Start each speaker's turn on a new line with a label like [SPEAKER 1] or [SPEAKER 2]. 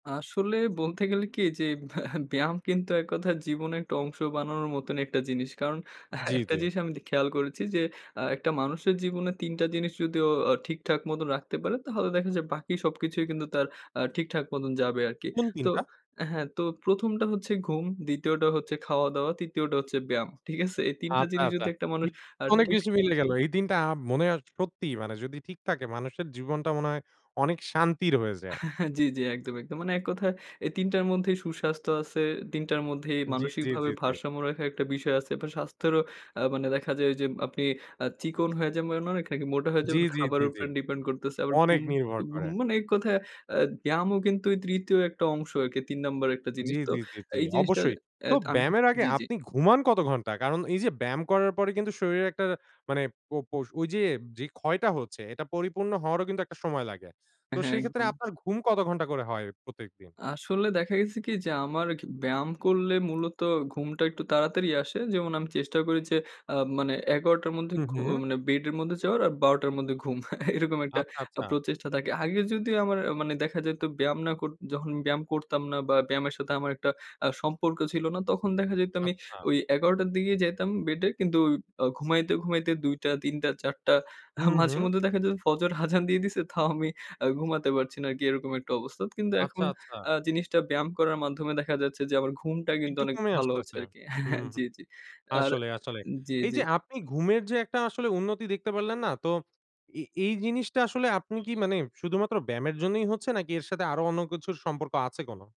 [SPEAKER 1] আসলে, বলতে গেলে কী? এইযে ব্যা ব্যায়াম কিন্তু এক কথায় জীবনে একটা অংশ বানানোর মতন একটা জিনিস। কারণ আ হ্যাঁ
[SPEAKER 2] জি,
[SPEAKER 1] একটা
[SPEAKER 2] জি।
[SPEAKER 1] জিনিস আমি দে খেয়াল করেছি যে, আ একটা মানুষের জীবনে ৩ টা জিনিস যদি অ আ ঠিকঠাক মতন রাখতে পারে, তাহলে দেখা যায় বাকি সবকিছুই কিন্তু, তার আ ঠিকঠাক মতন যাবে আর কি।
[SPEAKER 2] কোন ৩
[SPEAKER 1] তো
[SPEAKER 2] টা?
[SPEAKER 1] হ্যাঁ, তো ১ম টা হচ্ছে ঘুম, ২য় টা হচ্ছে খাওয়া-দাওয়া, ৩য় টা হচ্ছে ব্যায়াম। ঠিক আছে? এই ৩ টা
[SPEAKER 2] আচ্ছা,
[SPEAKER 1] জিনিস
[SPEAKER 2] আচ্ছা।
[SPEAKER 1] যদি একটা
[SPEAKER 2] কি
[SPEAKER 1] মানুষ আর
[SPEAKER 2] অনেক
[SPEAKER 1] ঠিক
[SPEAKER 2] কিছু মিলে গেল। এই দিনটা আ মনে হয় সত্যি, মানে যদি ঠিক থাকে, মানুষের জীবনটা মনে হয় অনেক শান্তির হয়ে যায়।
[SPEAKER 1] জি, জি একদম, একদম। মানে এক কথায় এই ৩ টার মধ্যেই সুস্বাস্থ্য আছে, ৩ টার মধ্যেই
[SPEAKER 2] জি, জি,
[SPEAKER 1] মানসিকভাবে
[SPEAKER 2] জি, জি।
[SPEAKER 1] ভারসাম্য রাখার একটা বিষয় আছে। আবার স্বাস্থ্যেরও আ মানে দেখা যায় ঐযে, আপনি আ চিকন হয়ে যাবেন অনেক, নাকি মোটা হয়ে
[SPEAKER 2] জি,
[SPEAKER 1] যাবেন,
[SPEAKER 2] জি, জি,
[SPEAKER 1] খাবারের
[SPEAKER 2] জি।
[SPEAKER 1] উপরে ডিপেন্ড করতেছে। আবার
[SPEAKER 2] অনেক
[SPEAKER 1] ঘুম
[SPEAKER 2] নির্ভর
[SPEAKER 1] ঘুম
[SPEAKER 2] করে।
[SPEAKER 1] মানে এক কথায় আ ব্যায়ামও কিন্তু ৩য় একটা অংশ আরকি, ৩ নাম্বার একটা
[SPEAKER 2] জি,
[SPEAKER 1] জিনিস। তো
[SPEAKER 2] জি, জি, জি।
[SPEAKER 1] এই জিনিসটা
[SPEAKER 2] অবশ্যই।
[SPEAKER 1] এ
[SPEAKER 2] তো
[SPEAKER 1] অ্যাদ আম
[SPEAKER 2] ব্যায়ামের আগে
[SPEAKER 1] জি, জি।
[SPEAKER 2] আপনি ঘুমান কত ঘন্টা? কারণ এইযে ব্যায়াম করার পরে কিন্তু শরীরে একটা মানে পো পোষ ঐযে যে ক্ষয়টা হচ্ছে, এটা পরিপূর্ণ হওয়ারও কিন্তু একটা সময় লাগে। তো
[SPEAKER 1] হ্যাঁ,
[SPEAKER 2] সেই ক্ষেত্রে
[SPEAKER 1] একদম।
[SPEAKER 2] আপনার ঘুম কত ঘন্টা করে হয় প্রত্যেকদিন?
[SPEAKER 1] আসলে দেখা গেছে কি? যে, আমার খি ব্যায়াম করলে মূলত, ঘুমটা একটু তাড়াতাড়ি আসে। যেমন আমি চেষ্টা করি যে, আ মানে ১১ঃ০০ র মধ্যে
[SPEAKER 2] হুম,
[SPEAKER 1] ঘু
[SPEAKER 2] হুম।
[SPEAKER 1] মানে বেডের মধ্যে যাওয়ার আর ১২ঃ০০ র মধ্যে ঘুম। এরকম একটা
[SPEAKER 2] আচ্ছা,
[SPEAKER 1] প্র
[SPEAKER 2] আচ্ছা।
[SPEAKER 1] প্রচেষ্টা থাকে। আগে যদিও আমার আ মানে দেখা যাইতো ব্যায়াম না কর যখন ব্যায়াম করতাম না বা ব্যায়ামের সাথে আমার একটা আ সম্পর্ক ছিল না। তখন দেখা যাইতো আমি
[SPEAKER 2] আচ্ছা।
[SPEAKER 1] ঐ ১১ঃ০০ র দিকেই যাইতাম বেডে কিন্তু ঐ অ ঘুমাইতে, ঘুমাইতে ২ঃ০০ ৩ঃ০০ ৪ঃ০০ আ
[SPEAKER 2] হুম,
[SPEAKER 1] মাঝে
[SPEAKER 2] হুম।
[SPEAKER 1] মধ্যে দেখা যেতো ফজর আযান দিয়ে দিছে, তাও আমি আ ঘুমাতে পারছি না, আরকি এরকম একটা অবস্থা। কিন্তু
[SPEAKER 2] আচ্ছা,
[SPEAKER 1] এখন
[SPEAKER 2] আচ্ছা।
[SPEAKER 1] আ জিনিসটা ব্যায়াম করার মাধ্যমে দেখা যাচ্ছে যে, আমার ঘুমটা কিন্তু
[SPEAKER 2] একটু
[SPEAKER 1] অনেক
[SPEAKER 2] কমে
[SPEAKER 1] ভালো হচ্ছে
[SPEAKER 2] আসতেছে।
[SPEAKER 1] আরকি। হ্যাঁ, হ্যাঁ,
[SPEAKER 2] হুম, হুম।
[SPEAKER 1] জি, জি। আর
[SPEAKER 2] আসলেই, আসলেই।
[SPEAKER 1] জি,
[SPEAKER 2] এইযে
[SPEAKER 1] জি।
[SPEAKER 2] আপনি ঘুমের যে একটা আসলে উন্নতি দেখতে পারলেন না? তো এ এই জিনিসটা আসলে আপনি কি মানে, শুধুমাত্র ব্যায়ামের জন্যই হচ্ছে, নাকি এর সাথে আরো অন্য কিছুর সম্পর্ক আছে কোনো?